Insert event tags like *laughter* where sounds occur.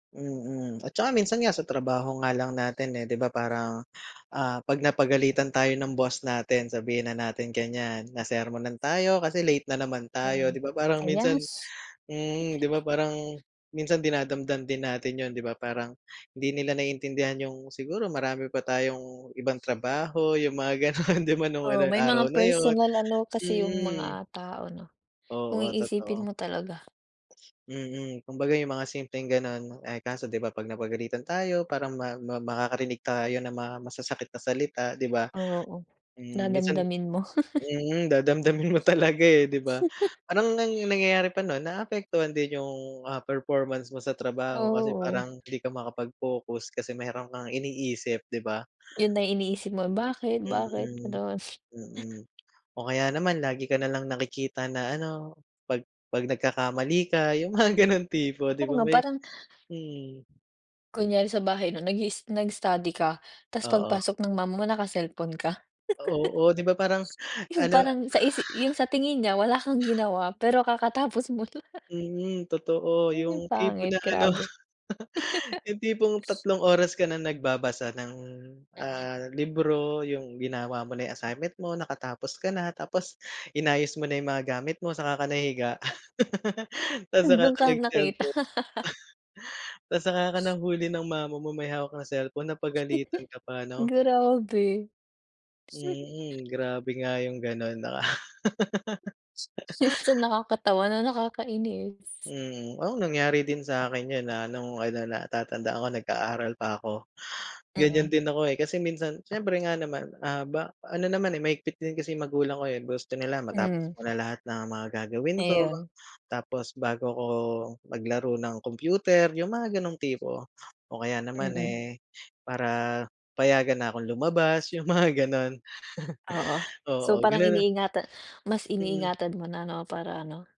Mm. At tsaka minsan nga sa trabaho nga lang natin, eh, 'di ba parang, ah, 'pag napagalitan tayo ng boss natin sabihin na natin ganyan, nasermonan tayo kasi late na naman tayo, Hmm. 'di ba parang Ayan minsan s mm. 'Di ba *chuckles* parang minsan dinadamdam din natin yun, 'di ba parang hindi nila naiintindihan yung siguro marami pa tayong ibang trabaho, yung mga gano'n, 'di ba nung ano Oo, yung may araw mga na yun, personal ano kasi yung mm. mga tao 'no. Kung Oo, iisipin totoo. mo talaga. Mm. Kumbaga yung mga simpleng gano'n, eh, kaso 'di ba 'pag napagalitan tayo parang ma ma makakarinig tayo ng mga masasakit na salita, 'di ba? Oo. Hmm, minsan Dadamdamin mo. *chuckles* mm, dadamdamin mo talaga, eh, 'di ba? *chuckles* Parang ang nangyayari pa no'n naapektuhan din yung, ah, performance mo sa trabaho kasi Oo. parang hindi ka makapag-focus kasi mayro'n kang iniisip, 'di ba? Yun na iniisip mo, "Bakit? Bakit?" Mm. Ganun. Mm. O kaya naman lagi ka na lang nakikita na ano, 'pag 'pag nagkakamali ka, yung mga gano'ng tipo, 'di Oo ba, nga, may parang mhm. Kunyari sa bahay 'no, nag-iis nag-study ka, tapos Oo. pagpasok ng mama mo naka-cellphone ka. *chuckles* Oo, 'di ba parang Yung ano parang sa isi yung sa tingin niya wala kang ginawa, pero kakatapos mo lang. Mm, totoo. Yun yung Yung tipo pangit, na ano, grabe. *laughs* *laughs* yung tipong tatlong oras ka na nagbabasa ng, Mm. ah, libro, yung ginawa mo na yung assignment mo, nakatapos ka na, tapos inayos mo na yung mga gamit mo saka ka nahiga. *laughs* Tapos saka Dun ka ka nakita. nag-cellphone. *laughs* *chuckles* Tapos saka ka nahuli ng mama mo may hawak kang cellphone, napagalitan ka *chuckles* pa 'no. Grabe. Mm. Grabe nga yung gano'n. Minsan *laughs* nakakatawa na nakakainis. Mm. Oo, nangyari din sa 'kin yun na nung ano, natatandaan ko nag-aaral pa ako. Mm. Ganyan din ako, eh. Kasi minsan syempre nga naman, ah, ba ano naman, eh, mahigpit din kasi magulang ko, eh. Gusto nila matapos Mm. ko na lahat ng mga gagawin ko Ayun. tapos bago ako maglaro ng computer, yung mga ganong tipo. O kaya naman, Mm. eh, para payagan na akong lumabas, yung mga gano'n. Oo. *chuckles* So, Oo, parang gano'n, ah iniingatan mas Mm. iniingatan mo na 'no, para ano